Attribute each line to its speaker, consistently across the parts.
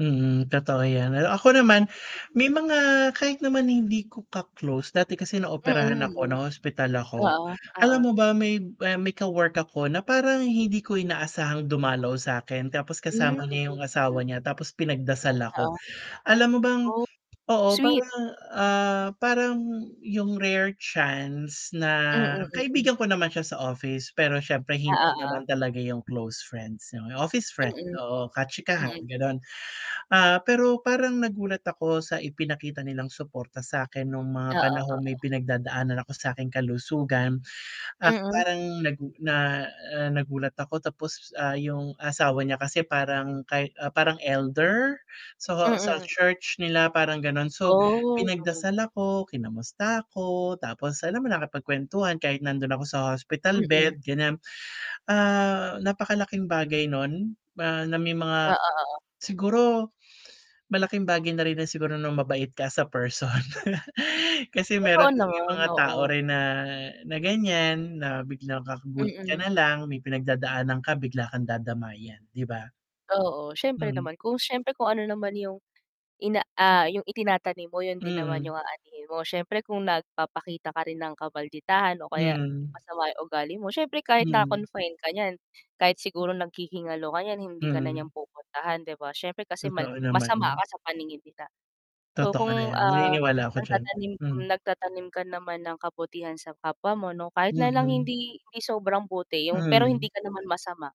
Speaker 1: Mm, totoo 'yan mero ako naman may mga kahit naman hindi ko ka-close dati kasi naoperahan ako
Speaker 2: Mm.
Speaker 1: na-ospital ako,
Speaker 2: Oo,
Speaker 1: alam
Speaker 2: oo.
Speaker 1: mo ba, may, ah, may ka-work ako na parang hindi ko inaasahang dumalaw sakin tapos
Speaker 2: Hmm.
Speaker 1: kasama niya
Speaker 2: Mm,
Speaker 1: yung
Speaker 2: mm.
Speaker 1: asawa niya tapos pinagdasal ako,
Speaker 2: Oo.
Speaker 1: alam mo bang
Speaker 2: Oh.
Speaker 1: oo
Speaker 2: Sweet.
Speaker 1: parang, ah, parang yung rare chance na
Speaker 2: Mm.
Speaker 1: kaibigan ko naman siya sa office pero siyempre hindi
Speaker 2: Oo, oo.
Speaker 1: naman talaga yung close friends, 'noh, office friend
Speaker 2: Mm,
Speaker 1: oo, kachikahan,
Speaker 2: mm.
Speaker 1: ganon. Ah, pero parang nagulat ako sa ipinakita nilang suporta sakin nung mga
Speaker 2: Oo,
Speaker 1: panahong may
Speaker 2: oo.
Speaker 1: pinagdadaanan ako sa 'king kalusugan at
Speaker 2: Mm.
Speaker 1: parang nag na ah, nagulat ako. Tapos, ah, yung asawa niya kasi parang kay parang elder. So, sa
Speaker 2: Mm.
Speaker 1: church nila parang gano'n. So,
Speaker 2: Oh, oo.
Speaker 1: pinagdasal ako, kinamusta ko, tapos alam mo nakipag-kwentuhan kahit nandoon ako sa hospital
Speaker 2: Mm.
Speaker 1: bed ganyan. Ah, napakalaking bagay nun na na may
Speaker 2: Oo,
Speaker 1: mga
Speaker 2: oo.
Speaker 1: siguro, malaking bagay na rin na siguro na mabait ka sa person kasi
Speaker 2: Totoo
Speaker 1: meron naging
Speaker 2: naman,
Speaker 1: mga tao
Speaker 2: oo.
Speaker 1: rin na na ganyan na bigla kang gugulat ka
Speaker 2: Mm.
Speaker 1: na lang may pinagdadaanan ka bigla kang dadamayan, 'di ba?
Speaker 2: Oo, siyempre
Speaker 1: Mhm.
Speaker 2: naman. Kung siyempre, kung ano naman 'yung ina ah 'yung itinatanim mo 'yun din naman
Speaker 1: Mhm.
Speaker 2: 'yung aanihin mo siyempre kung nagpapakita ka rin ng kamalditahan o kaya
Speaker 1: Hmm.
Speaker 2: masama yung ugali mo siyempre kahit
Speaker 1: Hmm.
Speaker 2: na-confine ka niyan, kahit siguro naghihingalo ka niyan hindi ka na niya
Speaker 1: Mhm.
Speaker 2: pupuntahan 'di ba? Siyempre kasi mal
Speaker 1: Totoo
Speaker 2: masama ka
Speaker 1: naman.
Speaker 2: sa paningin nila. So,
Speaker 1: Totoo na
Speaker 2: kung,
Speaker 1: 'yan
Speaker 2: ah,
Speaker 1: naniniwala ako diyan.
Speaker 2: nagtatanim
Speaker 1: Hmm.
Speaker 2: nagtatanim ka naman ng kabutihan sa kapwa mo, 'no, kahit na lang
Speaker 1: Mhm.
Speaker 2: hindi hindi sobrang buti 'yung pero hindi
Speaker 1: Hmm.
Speaker 2: ka naman masama,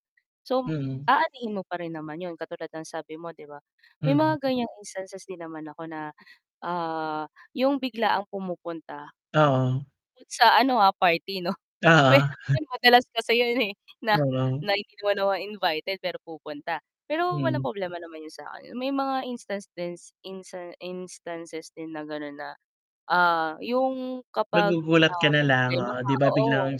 Speaker 2: so,
Speaker 1: Mhm.
Speaker 2: aanihin mo pa rin naman 'yun katulad ng sabi mo, 'di ba, may
Speaker 1: Mhm.
Speaker 2: mga ganyang instances din naman ako na, ah, 'yung biglaang pumupunta
Speaker 1: Oo.
Speaker 2: sa ano, ah, party 'no,
Speaker 1: Oo.
Speaker 2: mahirap 'yun, madalas kasi yun, eh, na
Speaker 1: Oo.
Speaker 2: na hindi naman ako invited pero pupunta, pero walang
Speaker 1: Hmm.
Speaker 2: problema naman yun sakin, yun may mga instancens instans instances din na ganon na, ah, yung kapag,
Speaker 1: Magugulat ka
Speaker 2: ah, may
Speaker 1: nalang
Speaker 2: problema
Speaker 1: oo,
Speaker 2: ka
Speaker 1: 'di ba,
Speaker 2: oo.
Speaker 1: biglang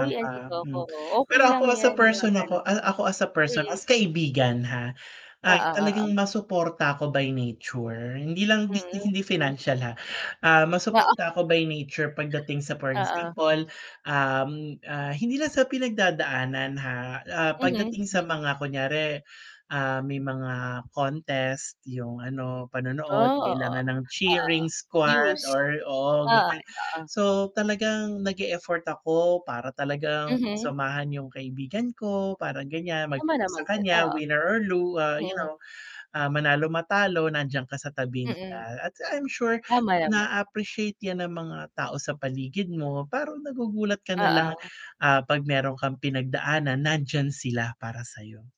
Speaker 2: "Uy, andiito
Speaker 1: ka,
Speaker 2: ako
Speaker 1: hmm.
Speaker 2: 'no,
Speaker 1: Pero
Speaker 2: okey lang
Speaker 1: ako as a
Speaker 2: 'yan." mga,
Speaker 1: person, ako
Speaker 2: gano'n.
Speaker 1: a ako as a person, as
Speaker 2: Mhm.
Speaker 1: kaibigan, ha, ay
Speaker 2: Oo, oo.
Speaker 1: talagang masuporta ako by nature, hindi lang
Speaker 2: Mm,
Speaker 1: hi hindi
Speaker 2: hm.
Speaker 1: financial, ha. Ah,
Speaker 2: [unintelligible]
Speaker 1: masuporta ako by nature pagdating sa for
Speaker 2: Oo.
Speaker 1: example, um, ah, hindi lang sa pinagdadaanan ha, ah,
Speaker 2: Mhm,
Speaker 1: pagdating
Speaker 2: hm.
Speaker 1: sa mga kunyari, ah, may mga contest, 'yung ano panonood
Speaker 2: Ah, oo.
Speaker 1: kailangan ng
Speaker 2: Oo,
Speaker 1: cheering squad
Speaker 2: views.
Speaker 1: or oo,
Speaker 2: Oo,
Speaker 1: ganiyan,
Speaker 2: oo.
Speaker 1: so talagang nag-e-effort ako para talagang
Speaker 2: Mhm.
Speaker 1: samahan 'yung kaibigan ko para, ganiyan, mag
Speaker 2: Tama
Speaker 1: sa
Speaker 2: naman yun,
Speaker 1: kanya
Speaker 2: oo.
Speaker 1: winner or lo ah, yaw
Speaker 2: Mm.
Speaker 1: ah, manalo matalo nandiyan ka sa tabi nila
Speaker 2: Mm.
Speaker 1: at I'm sure
Speaker 2: Tama naman.
Speaker 1: na-a-appreciate yan ng mga tao sa paligid mo parang nagugulat ka nalang,
Speaker 2: Oo.
Speaker 1: ah, 'pag meron kang pinagdaanan nandiyan sila para sayo.